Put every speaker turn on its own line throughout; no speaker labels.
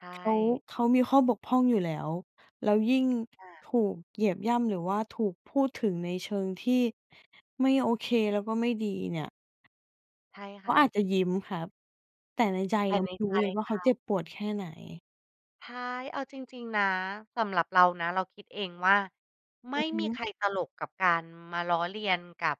ใช
เขา
่
เขามีข้อบกพร่องอยู่แล้ว แล้วยิ่ง
ค่ะ
ถูกเหยียบย่ำ หรือว่าถูกพูดถึงในเชิงที่ ไม่โอเค แล้วก็ไม่ดีเนี่ย
ใช่
เ
ค
ขา
่
อ
ะ
าจจะยิ้มครับ แต่ในใจ
แต
เ
่
รา
ใ
ไ
น
ม่รู
ใจ
้เลยว่า
เ
เ
ข
ขา
า
เจ็บปวดแค่ไหน
ฮ๊าย เอาจริง ๆ นะ สำหรับเรานะเราคิดเองว่า ไม
อื
่
อฮ
มีใ
ึ
ครตลกกับการมาล้อเลียนกับ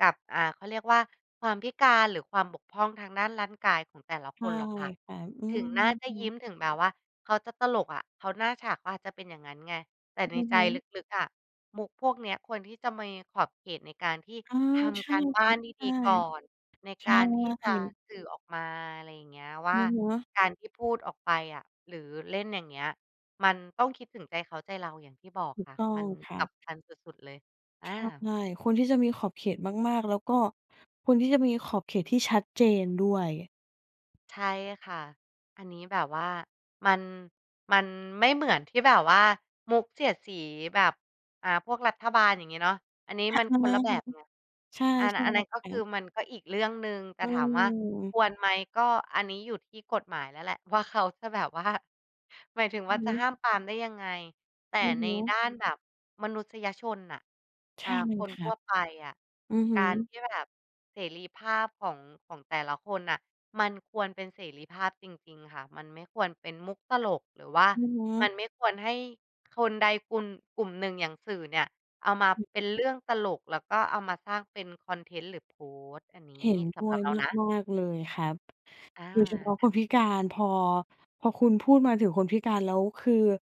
กับ อ่า เขาเรียกว่าความพิการ หรือความบกพร่องทางด้านร่างกายของแต่ละ
ใ
ค
ช่
นหรอกค่ะ
ครับ อื
ถึ
ม
งหน้าจะ
อึ
ยิ้ม ถึงแบบว่าเขาจะตลกอะ เขา หน้าฉากเขาอาจจะเป็นอย่างงั้นไง แต่ใน
อือ
ใจ
ฮ
ล
ึ
ึก ๆ อะ มุกพวกเนี้ยควรที่จะมีขอบเขตในการที่
เออ
ท
ใช
ำก
่
ารบ
ค
้า
รั
น
บ
ด
ใช่
ี ๆ ก่อน ใน
ใช
การที่จะ
่
สื่อออกมา อะไรอย่างเงี้ย ว่
อ
า
ือฮึ
การที่พูดออกไปอะ หรือเล่นอย่างเงี้ย มันต้องคิดถึงใจเขาใจเราอย่างที่บอก
ถู
ค
ก
่ะ
ต้อ
มั
ง
น
คร
ส
ับ
ำคัญสุด ๆ เลย อ
ใ
า
ช่ ควรที่จะมีขอบเขตมาก ๆ แล้วก็ควรที่จะมีขอบเขตที่ชัดเจนด้วย
ใช่ค่ะ อันนี้แบบว่ามัน มันไม่เหมือนที่แบบว่ามุกเสียดสีแบบ อ่า พวกรัฐบาลอย่างงี้เนาะ อันนี้
หะ
มัน
ท
ค
ำไม?
นละแบ
หือ
บไง
ใช่
อัน
ใช่
อัน
แ
น
ล
ั
้
้
ว
นก็
คร
ค
ั
ือ
บ
มันก็อีกเรื่องหนึ่ง แต
อ
่
ื
ถามว่าค
ม
วรไหม? ก็อันนี้อยู่ที่กฎหมายแล้วแหละ ว่าเขาจะ แบบว่า หมายถึง
อ
ว่
ื
า
อ
จ
ฮ
ะ
ึ
ห้ามปรามได้ยังไง แต่
อือฮ
ใน
ึ
ด้านแบบมนุษยชนน่ะ
ใช
อา
่เล
ค
ย
น
คร
ท
ั
ั่ว
บ
ไปอะ
อือฮ
ก
ึ
ารที่แบบ เสรีภาพของ ของแต่ละคนน่ะ มันควรเป็นเสรีภาพจริง ๆ ค่ะ มันไม่ควรเป็นมุกตลก หรือว่า
อือฮ
มั
ึ
นไม่ควรให้ ค คนใดคุณ กลุ่มหนึ่ง อย่างสื่อเนี่ย เอามา
หึ
เป็นเรื่องตลก แล้วก็เอามาสร้างเป็นคอนเทนต์ หรือโพสต์ อันนี
เห็
้
นด
ส
้
ำห
ว
รับ
ย
เรานะ
มาก ๆ เลยครับ
อา
โดยเฉพาะ
ค
ค
่ะ
นพิการ พอ พอคุณพูดมาถึงคนพิการแล้วคือ